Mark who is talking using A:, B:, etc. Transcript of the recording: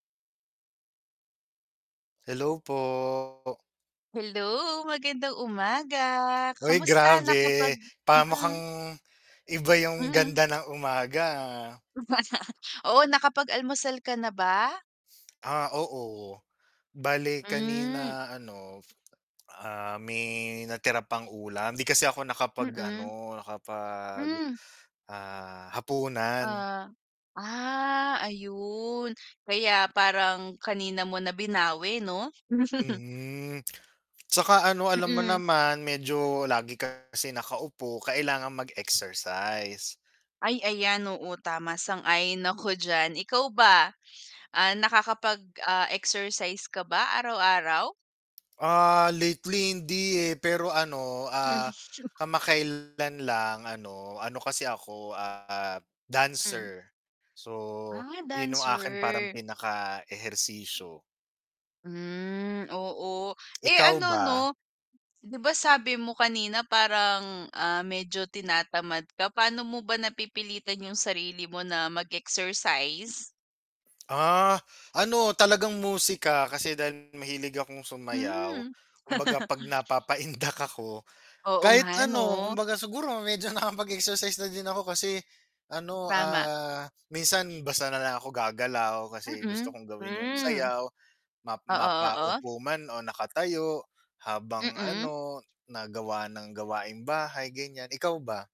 A: Hello po.
B: Hello, magandang umaga,
A: Oy
B: kamusta
A: grabe,
B: nakapag
A: pa mukhang
B: mm.
A: iba yung
B: Mm.
A: ganda ng umaga ah.
B: Oo, nakapag almusal ka na ba?
A: Ah, oo, bale
B: Hmm.
A: kanina ano, ah, may natira pang ulam di kasi ako
B: Mm.
A: nakapag-ano nakapag
B: Hmm.
A: ah, hapunan.
B: Ah, ah, ayun kaya parang kanina mo na binawi 'no?
A: Hmm, tsaka ano alam mo
B: Mm.
A: naman medyo lagi kasi nakaupo kailangan mag-exercise.
B: Ay ayan, oo, tama, sang-ayon ako diyan, ikaw ba, ah, nakakapag ah, exercise ka ba araw-araw?
A: Ah, lately hindi eh pero ano, ah, kamakailan lang ano ano kasi ako, ah,
B: Hmm.
A: dancer, so
B: Ah,
A: yun 'yong aking parang
B: dancer.
A: pinakaehersisyo.
B: Hmm, oo, eh,
A: Ikaw
B: ano 'no
A: ba?
B: 'di ba sabi mo kanina parang, ah, medyo tinatamad ka, paano mo ba napipilitan yung sarili mo na mag-exercise?
A: Ah, ano, talagang musika kasi dahil mahilig akong sumayaw
B: Hmm.
A: kumbaga pag napapaindak ako
B: Oo
A: kahit
B: nga
A: ano
B: 'no.
A: kumbaga siguro medyo nakapag-exercise na din ako kasi ano,
B: Tama.
A: ah, minsan basta na lang ako gagalaw kasi gusto
B: Mm,
A: kong gawin yung
B: hmm.
A: sayaw ma
B: Oo, oo.
A: mapaupo man o nakatayo habang
B: Mm.
A: ano nagawa ng gawaing bahay ganyan, ikaw ba?